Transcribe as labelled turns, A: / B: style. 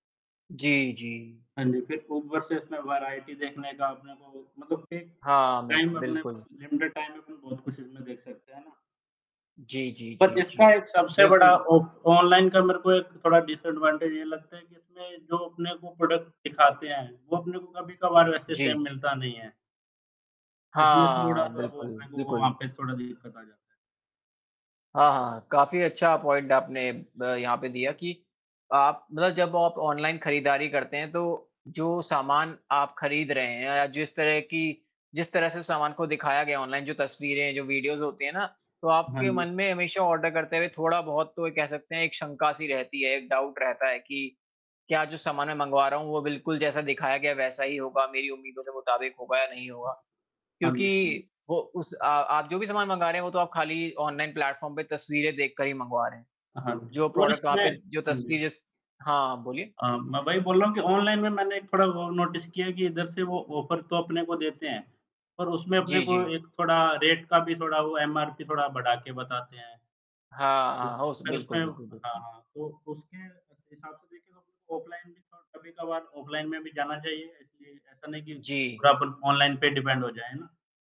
A: जी, जी।
B: हाँ जी, फिर तो ऊपर से इसमें वेराइटी देखने का अपने को मतलब कि
A: हाँ मिल
B: टाइम अपने पास
A: बिल्कुल।
B: लिमिटेड टाइम में बहुत कुछ इसमें देख सकते हैं ना।
A: जी, जी,
B: बट
A: जी, जी,
B: इसका एक सबसे बड़ा
A: बिल्कुल।
B: ऑफ ऑनलाइन का मेरे को एक थोड़ा डिसएडवांटेज ये लगता है कि इसमें जो अपने को प्रोडक्ट दिखाते हैं, वो अपने को कभी-कभार वैसे सेम
A: जी।
B: मिलता नहीं है। उसमें
A: हाँ,
B: थोड़ा-सा वो
A: बिल्कुल,
B: मेरे को
A: बिल्कुल।
B: वहाँ पे थोड़ा दिक्कत आ जाता है।
A: हाँ, हाँ, काफ़ी अच्छा पॉइंट आपने ब यहाँ पे दिया कि आप मतलब जब आप ऑनलाइन खरीदारी करते हैं तो जो सामान आप खरीद रहे हैं या जिस तरह की जिस तरह से सामान को दिखाया गया ऑनलाइन, जो तस्वीरें, जो वीडियोज़ होती है ना, तो
B: हाँ,
A: आपके
B: जी।
A: मन में हमेशा ऑर्डर करते हुए थोड़ा-बहुत तो ये कह सकते हैं, एक शंका-सी रहती है, एक डाउट रहता है कि क्या जो सामान मैं मँगवा रहा हूँ, वो बिल्कुल जैसा दिखाया गया, वैसा ही होगा, मेरी उम्मीदों के मुताबिक होगा या नहीं होगा।
B: हाँ जी, हाँ जी।
A: क्योंकि वो उस अ, आप जो भी सामान मँगा रहे हैं, वो तो आप खाली ऑनलाइन प्लेटफ़ॉर्म पे तस्वीरें देखकर ही मँगवा रहे हैं,
B: हाँ जी
A: जो
B: और
A: प्रोडक्ट वहाँ
B: इसमें
A: पे जो
B: हाँ
A: तस्वीर
B: जी।
A: जै हाँ, आप बोलिए।
B: अ, मैं वही बोल रहा हूँ कि ऑनलाइन में मैंने एक थोड़ा और नोटिस किया है कि इधर से वो ऑफर तो अपने को देते हैं, पर उसमें अपने
A: जी,
B: को
A: जी।
B: एक थोड़ा रेट का भी थोड़ा वो एमआरपी थोड़ा बढ़ा के बताते हैं।
A: हाँ,
B: तो,
A: हाँ, होश
B: फिर उसमें
A: बिल्कुल, बिल्कुल,
B: हाँ,
A: बिल्कुल।
B: हाँ तो उसके हिसाब से ऑफलाइन कभी-कभार ऑफलाइन में भी जाना चाहिए इसलिए ऐसा नहीं कि
A: जी।
B: पूरा अपन ऑनलाइन पे डिपेंड हो जाए है ना?